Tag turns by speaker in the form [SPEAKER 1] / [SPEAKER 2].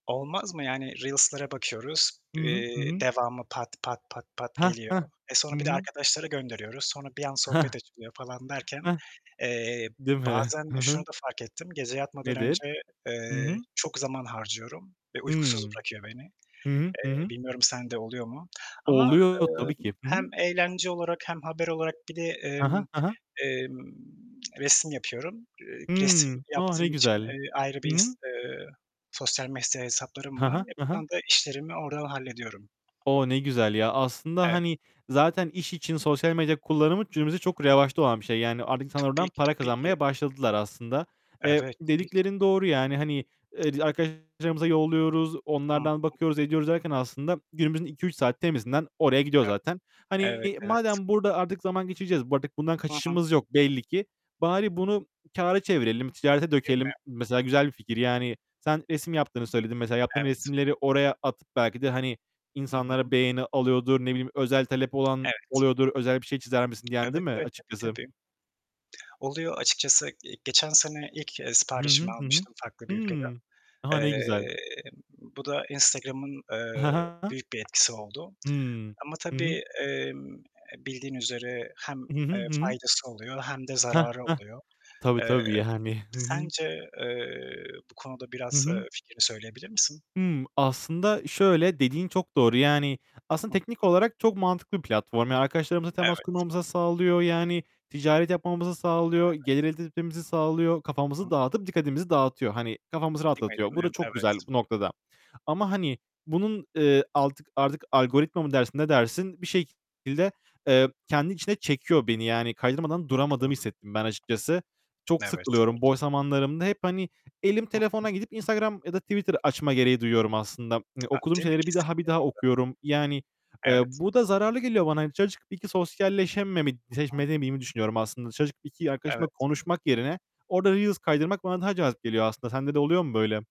[SPEAKER 1] Olmaz mı yani? Reels'lara bakıyoruz,
[SPEAKER 2] Hı hı. Hı
[SPEAKER 1] eee,
[SPEAKER 2] hı.
[SPEAKER 1] devamı pat, pat, pat, pat
[SPEAKER 2] Heh,
[SPEAKER 1] geliyor.
[SPEAKER 2] heh.
[SPEAKER 1] Eee,
[SPEAKER 2] Hı
[SPEAKER 1] sonra bir de
[SPEAKER 2] hı.
[SPEAKER 1] arkadaşlara gönderiyoruz. Sonra bir an
[SPEAKER 2] Heh.
[SPEAKER 1] sohbet açılıyor falan derken,
[SPEAKER 2] Heh.
[SPEAKER 1] eee,
[SPEAKER 2] Değil mi?
[SPEAKER 1] bazen
[SPEAKER 2] Hı
[SPEAKER 1] şunu
[SPEAKER 2] hı.
[SPEAKER 1] da fark ettim, gece yatmadan
[SPEAKER 2] Nedir?
[SPEAKER 1] önce,
[SPEAKER 2] Hı hı.
[SPEAKER 1] eee, çok zaman harcıyorum ve uykusuz
[SPEAKER 2] Hıı.
[SPEAKER 1] bırakıyor beni.
[SPEAKER 2] Hı hı. Hı
[SPEAKER 1] Eee,
[SPEAKER 2] hı.
[SPEAKER 1] bilmiyorum sende oluyor mu ama,
[SPEAKER 2] Oluyor tabii
[SPEAKER 1] emm,
[SPEAKER 2] ki. Hı
[SPEAKER 1] hem
[SPEAKER 2] hı.
[SPEAKER 1] eğlence olarak hem haber olarak bir de,
[SPEAKER 2] Hı hı.
[SPEAKER 1] emm,
[SPEAKER 2] Hı hı.
[SPEAKER 1] emm, resim yapıyorum. Eee,
[SPEAKER 2] Hı,
[SPEAKER 1] resim
[SPEAKER 2] oh ne
[SPEAKER 1] yaptığım için,
[SPEAKER 2] güzel.
[SPEAKER 1] eee, ayrı
[SPEAKER 2] Hı
[SPEAKER 1] bir ins
[SPEAKER 2] hı.
[SPEAKER 1] eee, sosyal medya hesaplarım
[SPEAKER 2] Hı
[SPEAKER 1] var.
[SPEAKER 2] hı. Hı hı.
[SPEAKER 1] Yapılan da işlerimi oradan hallediyorum.
[SPEAKER 2] Oh ne güzel ya. Aslında,
[SPEAKER 1] Evet.
[SPEAKER 2] hani zaten iş için sosyal medya kullanımı günümüzde çok
[SPEAKER 1] Hı hı.
[SPEAKER 2] revaçta olan bir şey. Yani artık insanlar oradan
[SPEAKER 1] Tabii ki,
[SPEAKER 2] para
[SPEAKER 1] tabii ki.
[SPEAKER 2] kazanmaya başladılar aslında. Eee,
[SPEAKER 1] Evet, tabii ki.
[SPEAKER 2] dediklerin doğru yani. Hani, eee, arkadaşlarımıza yolluyoruz,
[SPEAKER 1] Hı
[SPEAKER 2] onlardan
[SPEAKER 1] hı.
[SPEAKER 2] bakıyoruz, ediyoruz derken aslında günümüzün 2- 3 saati temizinden oraya gidiyor
[SPEAKER 1] Evet.
[SPEAKER 2] zaten.
[SPEAKER 1] Evet,
[SPEAKER 2] Hani
[SPEAKER 1] evet.
[SPEAKER 2] madem burada artık zaman geçireceğiz, bu artık bundan
[SPEAKER 1] Hı hı.
[SPEAKER 2] kaçışımız yok belli ki, bari bunu kâra çevirelim, ticarete
[SPEAKER 1] Değil mi?
[SPEAKER 2] dökelim. Mesela güzel bir fikir. Yani sen resim yaptığını söyledin. Mesela yaptığın
[SPEAKER 1] Evet.
[SPEAKER 2] resimleri oraya atıp belki de hani
[SPEAKER 1] Hı
[SPEAKER 2] insanlara
[SPEAKER 1] hı.
[SPEAKER 2] beğeni alıyordur. Ne bileyim özel talep olan
[SPEAKER 1] Evet.
[SPEAKER 2] oluyordur. Özel bir şey çizer misin diyen, değil
[SPEAKER 1] Evet,
[SPEAKER 2] mi
[SPEAKER 1] evet, tabii,
[SPEAKER 2] açıkçası?
[SPEAKER 1] tabii. Oluyor açıkçası. Eee, geçen sene ilk, eee,
[SPEAKER 2] Hı
[SPEAKER 1] siparişimi
[SPEAKER 2] hı. Hı hı.
[SPEAKER 1] almıştım farklı bir ülkeden.
[SPEAKER 2] Hımm. A, ne güzel.
[SPEAKER 1] Eee, bu da Instagram'ın,
[SPEAKER 2] Hı
[SPEAKER 1] eee,
[SPEAKER 2] hı.
[SPEAKER 1] büyük bir etkisi oldu
[SPEAKER 2] Hı.
[SPEAKER 1] ama
[SPEAKER 2] Hı hı.
[SPEAKER 1] tabii, emm, bildiğin üzere hem,
[SPEAKER 2] Hı hı.
[SPEAKER 1] eee,
[SPEAKER 2] Hı hı.
[SPEAKER 1] faydası oluyor hem de
[SPEAKER 2] Heh,
[SPEAKER 1] zararı
[SPEAKER 2] heh.
[SPEAKER 1] oluyor.
[SPEAKER 2] Tabii,
[SPEAKER 1] Eee,
[SPEAKER 2] tabii yani. Hı hı.
[SPEAKER 1] sence, eee, bu konuda
[SPEAKER 2] Hı
[SPEAKER 1] biraz,
[SPEAKER 2] hı.
[SPEAKER 1] eee, fikrini söyleyebilir misin?
[SPEAKER 2] Hımm, aslında şöyle dediğin çok doğru. Yani, aslında
[SPEAKER 1] Hı hı.
[SPEAKER 2] teknik olarak çok mantıklı bir platform. Yani arkadaşlarımızla temas
[SPEAKER 1] Evet.
[SPEAKER 2] kurmamızı sağlıyor. Yani ticaret yapmamızı sağlıyor.
[SPEAKER 1] Evet.
[SPEAKER 2] Gelir elde etmemizi sağlıyor.
[SPEAKER 1] Hı
[SPEAKER 2] Kafamızı
[SPEAKER 1] hı.
[SPEAKER 2] dağıtıp dikkatimizi dağıtıyor. Hani kafamızı
[SPEAKER 1] Değil mi?
[SPEAKER 2] rahatlatıyor. Bu
[SPEAKER 1] Değil
[SPEAKER 2] da
[SPEAKER 1] mi?
[SPEAKER 2] çok güzel
[SPEAKER 1] Evet.
[SPEAKER 2] bu noktada. Ama hani bunun, eee, altık artık algoritma mı dersin, ne dersin? Bir şekilde, eee, kendi içine çekiyor beni. Yani kaydırmadan duramadığımı
[SPEAKER 1] Doğru.
[SPEAKER 2] hissettim ben açıkçası. Çok
[SPEAKER 1] Evet,
[SPEAKER 2] sıkılıyorum.
[SPEAKER 1] evet.
[SPEAKER 2] Boş zamanlarımda hep, hani elim
[SPEAKER 1] Hı hı.
[SPEAKER 2] telefona gidip Instagram ya da Twitter açma gereği duyuyorum aslında. Hani
[SPEAKER 1] A,
[SPEAKER 2] okuduğum
[SPEAKER 1] değil mi?
[SPEAKER 2] şeyleri bir daha, bir daha
[SPEAKER 1] [unintelligible]
[SPEAKER 2] okuyorum. Yani, eee,
[SPEAKER 1] Evet.
[SPEAKER 2] bu da zararlı geliyor bana. Dışarı çıkıp 1-2 sosyalleşememe,
[SPEAKER 1] Hı hı.
[SPEAKER 2] [unintelligible] düşünüyorum aslında. Dışarı çıkıp 2 arkadaşımla
[SPEAKER 1] Evet.
[SPEAKER 2] konuşmak yerine orada reels kaydırmak bana daha cazip geliyor aslında. Sende de oluyor mu böyle?